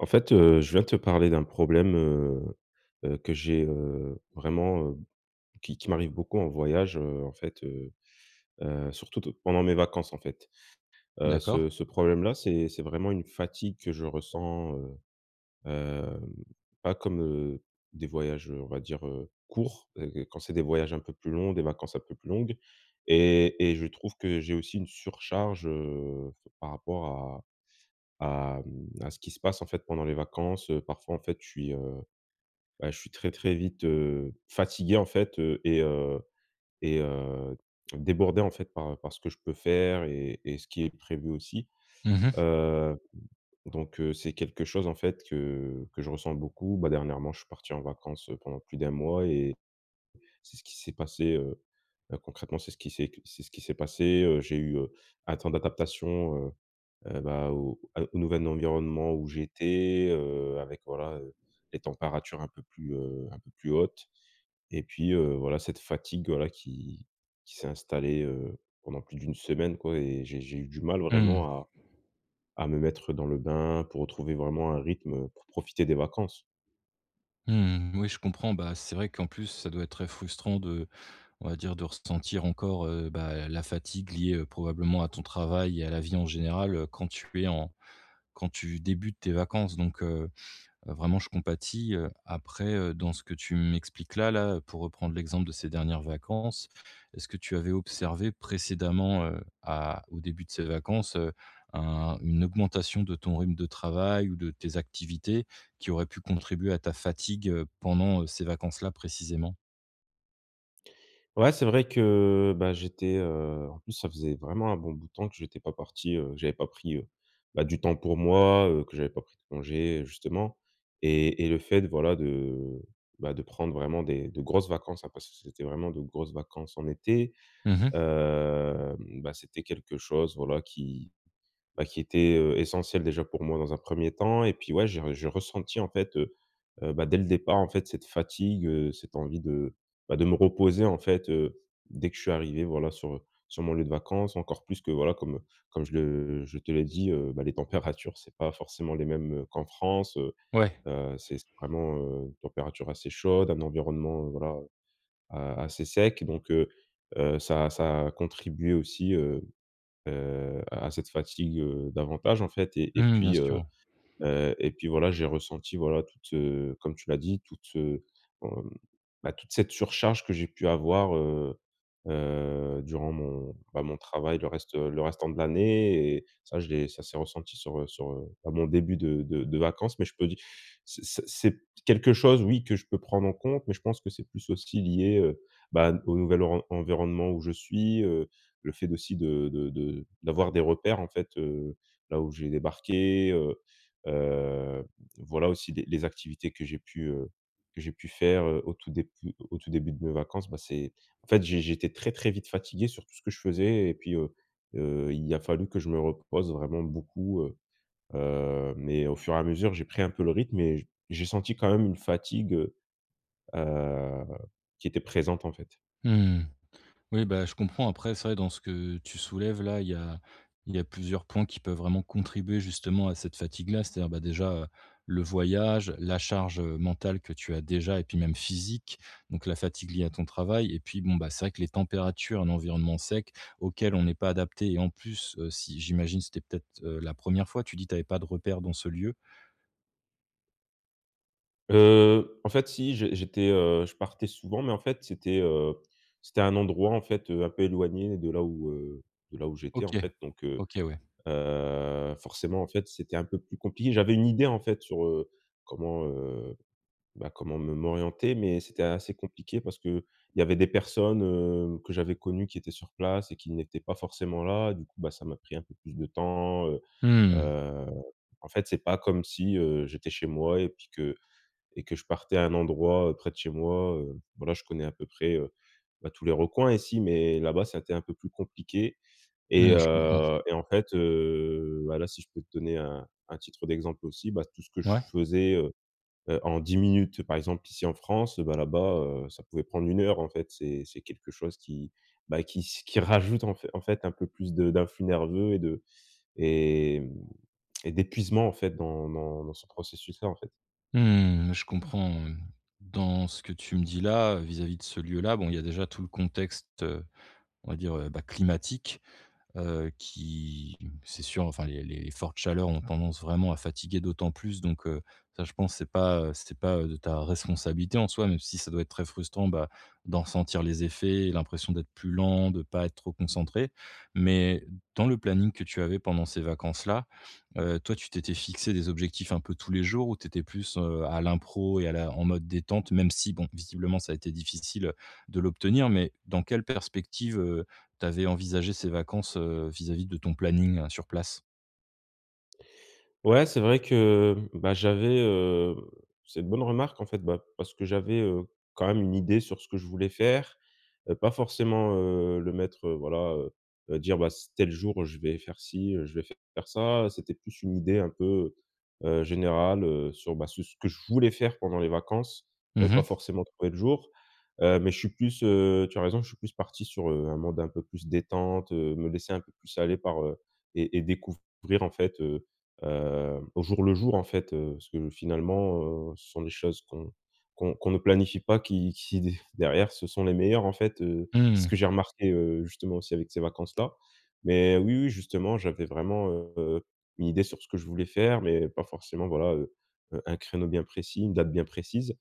En fait heu, je viens te parler d'un problème, heu heu, que j'ai, heu, vraiment, heu, qui qui m'arrive beaucoup en voyage, heu, en fait heu heu, surtout de pendant mes vacances, en fait. Heu, D'accord. ce ce problème-là, c'est c'est vraiment une fatigue que je ressens, heu heu, pas comme, heu, des voyages, heu, on va dire, heu, courts, heu, que quand c'est des voyages un peu plus longs, des vacances un peu plus longues et et je trouve que j'ai aussi une surcharge, heu, par rapport à à, mmh, à ce qui se passe en fait, pendant les vacances. Heu, parfois en fait, je suis heu, bah, je suis très, très vite, heu, fatigué en fait. Heu, et heu et heu, débordé en fait, par par ce que je peux faire et et ce qui est prévu aussi. Mmh mh. Heu, donc heu, c'est quelque chose en fait, que que je ressens beaucoup. Bah, dernièrement, je suis parti en vacances pendant plus d'1 mois et c'est ce qui s'est passé, heu heu, concrètement, c'est ce qui s'est qu c'est ce qui s'est passé. Heu, j'ai eu, heu, un temps d'adaptation, heu, eh bah, au au nouvel environnement où j'étais, heu, avec voilà, heu, des températures un peu plus, heu, un peu plus hautes et puis heu, voilà, cette fatigue voilà, qui qui s'est installée, heu, pendant plus d'1 semaine quoi et j'ai j'ai eu du mal Mmh. vraiment à à me mettre dans le bain pour retrouver vraiment un rythme pour profiter des vacances. Mmh, oui, je comprends, bah, c'est vrai qu'en plus, ça doit être très frustrant de on va dire, de ressentir encore, heu, bah, la fatigue liée probablement à ton travail et à la vie en général, heu, quand tu es en quand tu débutes tes vacances donc, heu heu vraiment, je compatis, heu, après, heu, dans ce que tu m'expliques là là, pour reprendre l'exemple de ces dernières vacances, est-ce que tu avais observé précédemment, heu, à au début de ces vacances, heu, un une augmentation de ton rythme de travail ou de tes activités qui auraient pu contribuer à ta fatigue, heu, pendant, heu, ces vacances-là, précisément? Ouais, c'est vrai que, bah, j'étais, heu, en plus, ça faisait vraiment un bon bout de temps que j'étais pas parti, heu, que j'avais pas pris, heu, bah, du temps pour moi, heu, que j'avais pas pris de congés, heu, justement et et le fait, voilà, de, bah, de prendre vraiment des de grosses vacances, hein, parce que c c'était vraiment de grosses vacances en été, Mmh mh. hem, bah, c'était quelque chose, voilà, qui, bah, qui était, heu, essentiel, déjà pour moi dans un 1er temps et puis, ouais, j'ai j'ai ressenti, en fait, heu heu, bah, dès le départ, en fait, cette fatigue, heu, cette envie de, bah, de me reposer, en fait, heu, dès que je suis arrivé, voilà, sur, heu, sur mon lieu de vacances, encore plus que, voilà, comme, heu, comme je le je te l'ai dit, heu, bah, les températures, c'est pas forcément les mêmes, heu, qu'en France, heu Ouais. heu, c c'est vraiment, heu, une température assez chaude, un environnement, heu, voilà, a assez sec donc heu heu, ça a ça a contribué aussi, heu heu, à cette fatigue, heu, davantage, en fait et et Mmh. Bien puis, sûr, heu ouais. heu, et puis, voilà, j'ai ressenti, voilà, toute, heu, comme tu l'as dit, toute, heu, mmh, bah, toute cette surcharge que j'ai pu avoir, heu heu, durant mon, bah, mon travail, le reste, heu, le restant de l'année et ça, je l'ai ça s'est ressenti sur, heu, sur, heu, bah, mon début de de de vacances mais je peux dire, c ce c'est quelque chose, oui, que je peux prendre en compte mais je pense que c'est plus aussi lié, heu, bah, au nouvel oren environnement où je suis, heu, le fait aussi de de de d'avoir des repères, en fait, heu, là, où j'ai débarqué, heu heu, voilà, aussi des les activités que j'ai pu, heu, que j'ai pu faire, heu, au tout déput au tout début de mes vacances, bah, c'est en fait, j'é j'étais très, très vite fatigué sur tout ce que je faisais et puis, heu heu, il a fallu que je me repose vraiment beaucoup, heu heu, mais au fur et à mesure, j'ai pris un peu le rythme et j'ai senti quand même une fatigue, heu heu qui était présente, en fait. Mmh mh. Oui, bah, je comprends après c'est vrai dans ce que tu soulèves là, il y a il y a plusieurs points qui peuvent vraiment contribuer justement à cette fatigue-là, c'est-à-dire, bah, déjà, heu, le voyage, la charge, heu, mentale que tu as déjà et puis même physique donc la fatigue liée à ton travail et puis bon, bah, c'est vrai que les températures, l'environnement sec auquel on n'est pas adapté et en plus, heu, si j'imagine, c'était peut-être, heu, la 1re fois, tu dis, tu avais pas de repères dans ce lieu? Heu, en fait, si, j'é j'étais, heu, je partais souvent mais en fait c'était, heu, c'était un endroit, en fait, heu, un peu éloigné de là où, heu, de là où j'étais, OK. en fait donc heu OK, ouais. heu, forcément, en fait, c'était un peu plus compliqué. J'avais une idée, en fait, sur, heu, comment, heu, bah comment me m'orienter mais c'était assez compliqué parce qu'il y avait des personnes, heu, que j'avais connues qui étaient sur place et qui n'étaient pas forcément là. Du coup, bah, ça m'a pris un peu plus de temps, heu Mmh mh. heu, en fait, c'est pas comme si, heu, j'étais chez moi et puis que et que je partais à un endroit, heu, près de chez moi, heu, voilà, je connais à peu près, heu, bah, tous les recoins ici mais là-bas, ça a été un peu plus compliqué et, Mmh, je comprends. heu, et en fait, heu, bah, là, si je peux te donner un un titre d'exemple aussi, bah, tout ce que je Ouais. faisais, heu heu, en 10 minutes, par exemple ici en France, heu, bah, là-bas, heu, ça pouvait prendre 1 heure. En fait, c'est c'est quelque chose qui, bah, qui s qui rajoute en f en fait, un peu plus de d'influx nerveux et de hem et d'épuisement, en fait, dans dans dans ce processus-là, en fait. Mmh, je comprends, mmh dans ce que tu me dis là, vis-à-vis de ce lieu là bon il y a déjà tout le contexte, heu, on va dire, heu, bah, climatique. Heu, qui c'est sûr enfin les les les fortes chaleurs ont tendance vraiment à fatiguer d'autant plus donc heu, ça je pense c'est pas, heu, c'est pas, heu, de ta responsabilité en soi, même si ça doit être très frustrant, bah, d'en sentir les effets et l'impression d'être plus lent, de pas être trop concentré. Mais dans le planning que tu avais pendant ces vacances là, heu, toi tu t'étais fixé des objectifs un peu tous les jours? Ou tu étais plus, heu, à l'impro et à la en mode détente, même si bon, visiblement ça a été difficile de l'obtenir, mais dans quelle perspective, heu, tu avais envisagé ces vacances, heu, vis-à-vis de ton planning sur place? Ouais, c'est vrai, que, heu, ben, j'avais, heu, c'est une bonne remarque en fait, bah, parce que j'avais, heu, quand même une idée sur ce que je voulais faire. Heu, pas forcement, heu, le mettre, heu, voilà, heu heu, dire: «Bah c'est tel jour, je vais faire çi, heu, je vais faire ça», c'était plus une idée un peu, heu heu, générale, heu, sur, bah, sur ce que je voulais faire pendant les vacances. Heu, Mmh pas mh. forcément tel jour, heu, mais je suis plus, heu, tu as raison, je suis plus parti sur, heu, un mode un peu plus détente, heu, me laisser un peu plus aller par, heu, et et découvrir en fait, heu heu, au jour le jour en fait, heu, ce que finalement, heu, ce sont des choses qu'on qu'on qu'on ne planifie pas, qui qui d derrière ce sont les meilleures en fait, heu, c'est ce Mmh. que j'ai remarqué, heu, justement aussi avec ces vacances là. Mais oui, oui, justement j'avais vraiment, heu, une idée sur ce que je voulais faire, mais pas forcément voilà, heu heu, un créneau bien précis, une date bien précise.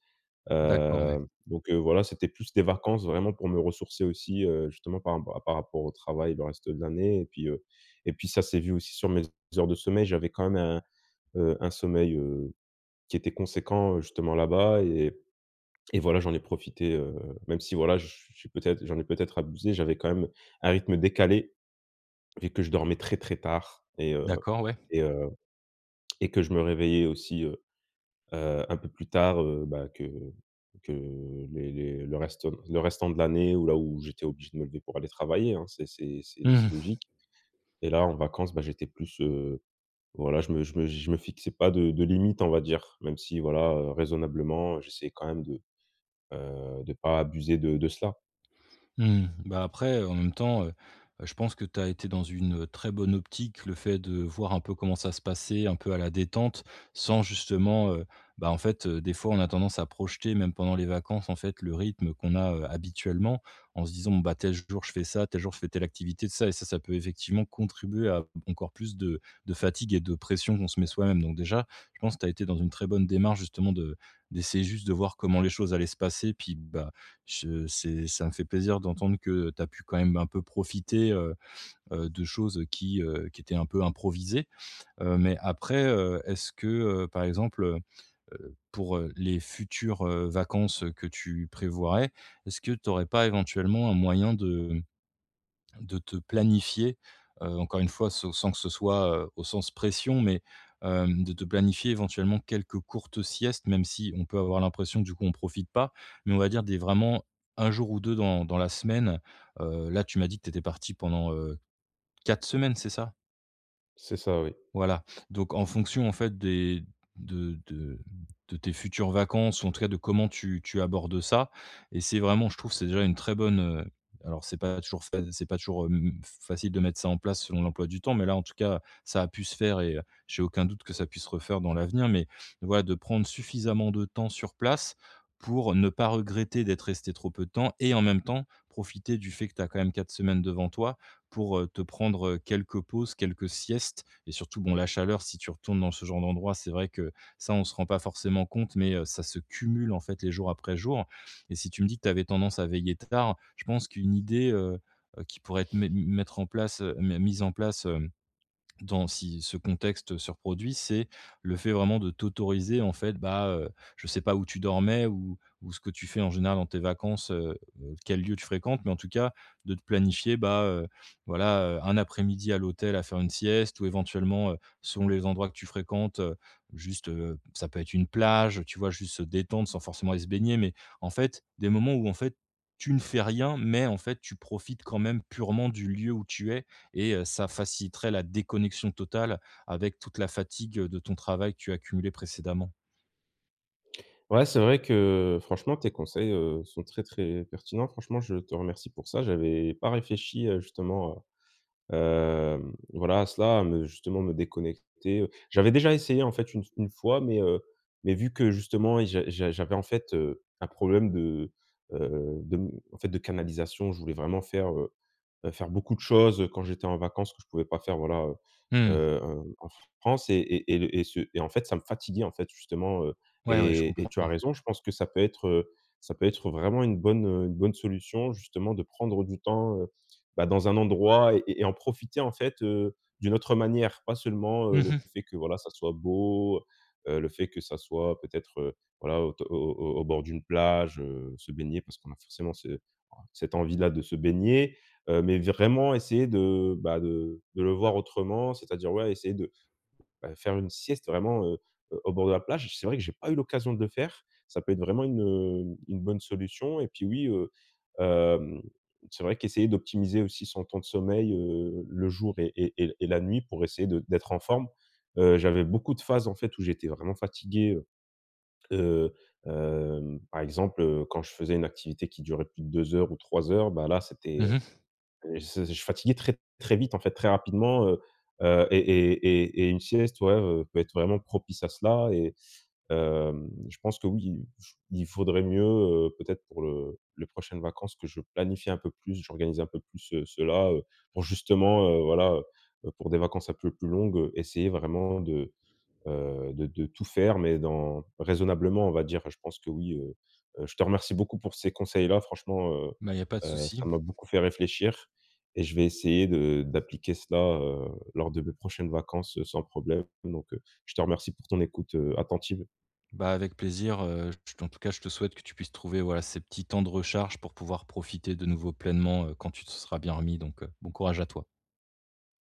D'accord, oui. Heu, donc heu, voilà, c'était plus des vacances vraiment pour me ressourcer aussi, heu, justement par ra par rapport au travail, le reste de l'année et puis, heu, et puis ça s'est vu sur mes heures de sommeil, j'avais quand même un, heu, un sommeil, heu, qui était conséquent, heu, justement là bas et et voilà j'en ai profité, heu, même si, voilà, j je suis peut être j'en ai peu être abusé, j'avais quand même un rythme décalé et que je dormais très, très tard et heu, D'accord, ouais. et heu, et que je me réveillais aussi, heu heu, un peu plus tard, heu, ben, que que les les le restant le restant de l'année où là où j'étais obligé de me lever pour aller travailler, hein. C'est c'est c'est Mmh c'est mh. logique et là en vacance, bah, j'étais plus, heu, voilà, je me je me je me fixais pas de de limite on va dire. Même si voilà, heu, raisonnablement, heu, j'essayais quand même de, heu, de pas abuser de de cela. Mmh, bah, après, heu, en même temps, heu heu, je pense que tu as été dans une très bonne optique, le fait de voir un peu comment ça se passait un peu à la détente sans justement, heu, bah, en fait, heu, des fois, on a tendance à projeter même pendant les vacances en fait, le rythme qu'on a, heu, habituellement en se disant: «Bon, bah, tel jour je fais ça, tel jour je fais telle activité tout ça» et ça, ça peut effectivement contribuer à encore plus de de fatigue et de pression qu'on se met soi-même. Donc déjà, je pense que tu as été dans une très bonne démarche justement de d'essayer juste de voir comment les choses allaient se passer puis bah, je c'est ça me fait plaisir d'entendre que, heu, tu as pu quand même un peu profiter, heu heu, de choses, heu, qui, heu, qui étaient un peu improvisées. Heu, mais après, heu, est-ce que, heu, par exemple, heu, pour, heu, les futures, heu, vacances que tu prévoirais, est-ce que tu aurais pas éventuellement un moyen de, mmh, de te planifier, heu, encore 1 fois se sans que ce soit, heu, au sens pression, mais hem, de te planifier éventuellement quelques courtes siestes? Même si on peut avoir l'impression du coup on profite pas, mais on va dire des vraiment 1 jour ou 2 dans dans la semaine, heu, là tu m'as dit que tu étais parti pendant, heu, 4 semaines, c'est ça? C'est ça, oui. Voilà, donc en fonction en fait des de de de tes futures vacances ou en tout cas de comment tu tu abordes ça, et c'est vraiment, je trouve, c'est déjà une très bonne, heu, alors c'est pas toujours fa c'est pas toujours, mmh, facile, de mettre ça en place selon l'emploi du temps, mais là en tout cas, ça a pu se faire et heu, j'ai aucun doute que ça puisse se refaire dans l'avenir. Mais voilà de prendre suffisamment de temps sur place, pour ne pas regretter d'être resté trop peu de temps et en même temps, profiter du fait que tu as quand même 4 semaines devant toi pour, heu, te prendre, heu, quelques pauses, quelques siestes. Et surtout bon, la chaleur si tu retournes dans ce genre d'endroit, c'est vrai que ça on se rend pas forcément compte, mais heu, ça se cumule en fait les jours après jours. Et si tu me dis que tu avais tendance à veiller tard, je pense qu'une idée, heu heu, qui pourrait être mett m mettre en place, m mise en place, hem, dans si ce contexte se reproduit, c'est le fait vraiment de t'autoriser en fait, bah, heu, je sais pas où tu dormais ou ou ce que tu fais en général dans tes vacances, heu heu, quel lieu tu fréquentes, mais en tout cas de te planifier, bah, heu, voilà, heu, 1 après-midi à l'hôtel à faire une sieste ou éventuellement, heu, selon les endroits que tu fréquentes, heu, juste, heu, ça peut être une plage tu vois? Juste se détendre sans forcément aller se baigner, mais en fait, des moments où en fait, tu ne fais rien, mais en fait, tu profites quand même purement du lieu où tu es, et heu, ça faciliterait la déconnexion totale avec toute la fatigue de ton travail que tu as cumulé précédemment. Ouais, c'est vrai que franchement tes conseils, heu, sont très, très pertinents. Franchement je te remercie pour ça. J'avais pas réfléchi, heu, justement à, hem, voilà à cela, à me justement me déconnecter, heu, j'avais déjà essayé en fait une s 1 fois, mais heu, mais vu que justement, i j'a j'a j'avais en fait, heu, un problème de, heu, de m en fait de canalisation. Je voulais vraiment faire, heu heu, faire beaucoup de choses quand j'étais en vacances, que je pouvais pas faire voilà, heu Mmh. heu, en France et et et le et ce et en fait ça me fatiguait en fait justement, heu, Ouais, ouais je et et comprends. tu as raison je pense que ça peut être, heu, ça peut être vraiment une bonne, heu, une bonne solution, justement, de prendre du temps, heu, bah, dans un endroit et et en profiter en fait, heu, d'une autre manière. Pas seulement, Mmh heu, le mh. fait que voilà ça soit beau, heu heu, le fait que ça soit peut-être, heu, voilà, au t au au au bord d'une plage, heu, se baigner parce qu'on a forcément ce cette envie là de se baigner. Heu, mais vraiment essayer de, bah, de de le voir autrement, c'est-à-dire, ouais, essayer de, bah, faire une sieste vraiment, heu, au bord de la plage. C'est vrai que j'ai pas eu l'occasion de le faire. Ça peut être vraiment une, heu, une bonne solution, et puis oui, heu, hem, c'est vrai qu'essayer d'optimiser aussi son temps de sommeil, heu, le jour et et et et la nuit pour essayer de d'être en forme. Heu, j'avais beaucoup de phases en fait où j'étais vraiment fatigué, heu, heu, hem, par exemple, heu, quand je faisais une activité qui durait plus de 2 heures ou 3 heures, bah là, c'était, Mmh heu, mh. et ce je fatiguais très, très vite en fait, très rapidement, heu, heu, et et et et une sieste, ouais, heu, peut être vraiment propice à cela. Et hem, je pense que oui, il f il faudrait mieux, heu, peut-être pour le les prochaines vacances que je planifie un peu plus, j'organise un peu plus, heu, cela, heu, pour justement, heu, voilà, heu, heu, pour des vacances un peu plus longues, heu, essayer vraiment de, heu, de de tout faire, mais dans raisonnablement, on va dire, je pense que oui, heu, heu, je te remercie beaucoup pour ces conseils-là. Franchement, heu Bah, il y a pas de heu, souci. ça m'a beaucoup fait réfléchir et je vais essayer de d'appliquer cela, heu, lors de mes prochaines vacances sans problème, donc heu, je te remercie pour ton écoute, heu, attentive. Bah, avec plaisir, heu, je te en tout cas je te souhaite que tu puisses trouver, voilà, ces petits temps de recharge pour pouvoir profiter de nouveau pleinement, heu, quand tu te seras bien remis donc heu, bon courage à toi.